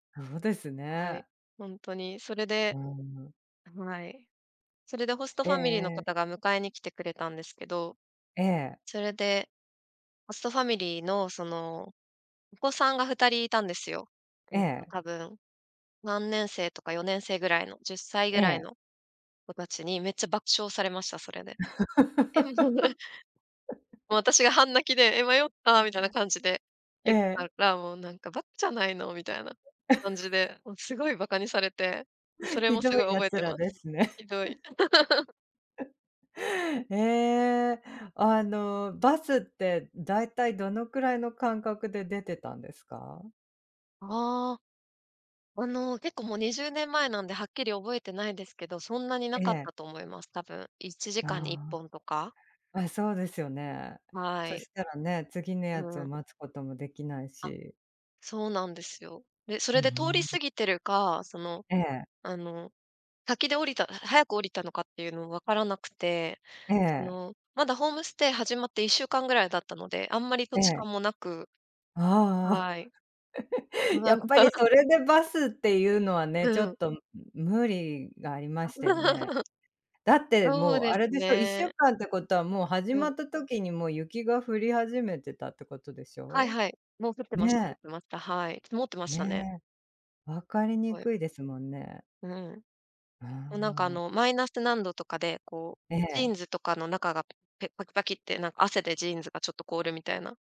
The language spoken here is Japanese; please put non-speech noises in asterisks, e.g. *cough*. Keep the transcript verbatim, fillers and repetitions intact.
そうですはい。ね。本当に。それうで。ーん。はい。それでホストえファミリーのえ。方が迎えに来てくれたんですけど。ええ。それで、ホストファミリーのそのお子さんがふたりいたんですよ。ええっとえ。多分、さんねんせいとかよねんせいぐらいの、じゅっさいぐえらいえ。の子達にめっちゃ爆笑されました、それで。え *unintelligible* もう *laughs* 私が半泣きで、え、迷ったみたいな感じでえ言ってたえ。ら、もうなんかばかじゃないのみたいな感じ *chuckles* で、もうすごい馬鹿にされて、そ *chuckles* れひもすどいごい覚え奴ていらまです。すね。ひどい。*laughs* *chuckles* *laughs* ええ、あの、バスって大体どのくらいの間隔で出てたんですか？ああ、あの結構もうにじゅうねん前なんで、はっきり覚えてないですけど、そんなになえかっえ。たと思います、多分。いちじかんにいっあぽんとか。あ。あ、そうですよね。はそい。したらね、次のうやつをん。待つこともできないあ、し。そうなんですよ。で、そうれで通りん。過ぎてるか、その、ええ。あの、先で降りた早く降りたのかっていうのも分からなくて、えそえ。の、まだホームステイ始まっていっしゅうかんぐらいだったので、あんまり土え地え。勘もなく、ああ。はい。*chuckles* やっぱり *unintelligible* それでバスっていうのはね、うちょん。っと無理がありましたよね。*chuckles* だってそうもうであすれでしょ、いっしゅうね。かんってことはもう始うまん。った時にもう雪が降り始めてたってことでしはいょ？はい。もう降ってました降っねえ。てました、はい。曇ってましたね。ね。分かりにはい。くいですもんね。うん。うそ、なんかあん。の、マイナス何度とかで、こう、えジーえ。ンズとかの中がぺパキパキってなんか汗でジーンズがちょっと凍るみたいな。